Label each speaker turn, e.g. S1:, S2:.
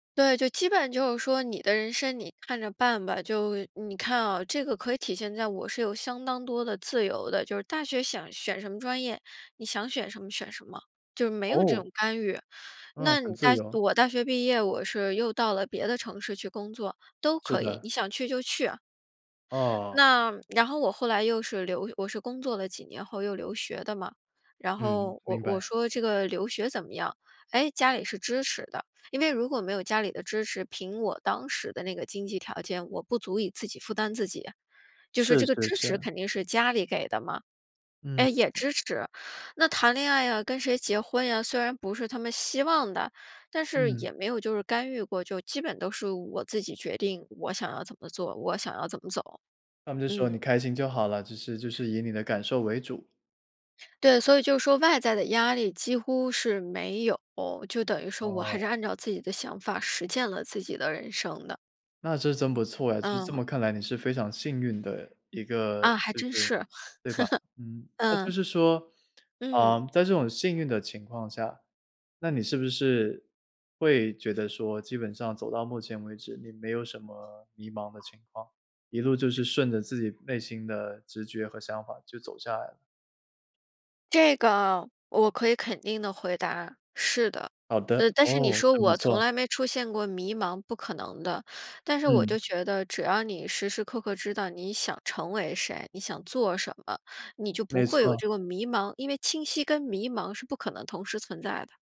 S1: 对，就基本上就是说你的人生你看着办吧。就你看啊这个可以体现在我是有相当多的自由的。就是大学想选什么专业，你想选什么选什么。就没有这种
S2: 哦。
S1: 干预。
S2: 嗯，
S1: 那
S2: 很
S1: 你大
S2: 自由。
S1: 我大学毕业，我是又到了别的城市去工作，都
S2: 是
S1: 可以，
S2: 的。
S1: 你想去就去。
S2: 哦。
S1: 那然后我后来又是留我是工作了几年后又留学的嘛。然
S2: 嗯，
S1: 后我
S2: 明
S1: 我
S2: 白。
S1: 说这个留学怎么样？哎，家里是支持的。因为如果没有家里的支持，凭我当时的那个经济条件，我不足以自己负担自己。就是
S2: 是
S1: 这个
S2: 是
S1: 支持
S2: 是。
S1: 肯定是家里给的嘛，哎，
S2: 嗯。
S1: 也支持那谈恋爱啊，跟谁结婚呀，虽然不是他们希望的。但是
S2: 嗯。
S1: 也没有就是干预过，就基本都是我自己决定。我想要怎么做，我想要怎么走。
S2: 他们就说你
S1: 嗯。
S2: 开心就好了，就是就是以你的感受为主。
S1: 对，所以就说外在的压力几乎是没有。就等于说我还
S2: 哦。
S1: 是按照自己的想法，实践了自己的人生的。
S2: 那这真不错哎，就是这
S1: 嗯。
S2: 么看来你是非常幸运的一个，
S1: 啊，还
S2: 就是
S1: 真是。
S2: 对吧？嗯，那就
S1: 嗯。
S2: 是说呃，
S1: 嗯。
S2: 在这种幸运的情况下，那你是不是，会觉得说，基本上走到目前为止，你没有什么迷茫的情况。一路就是顺着自己内心的直觉和想法就走下来了？
S1: 这个我可以肯定地回答，是的。
S2: 好的，
S1: 呃，但是你
S2: 哦，
S1: 说
S2: 真不
S1: 我从
S2: 错。
S1: 来没出现过迷茫，不可能的。但是我就
S2: 嗯。
S1: 觉得只要你时时刻刻知道你想成为谁，你想做什么，你就不
S2: 没
S1: 会有
S2: 错。
S1: 这个迷茫，因为清晰跟迷茫是不可能同时存在的。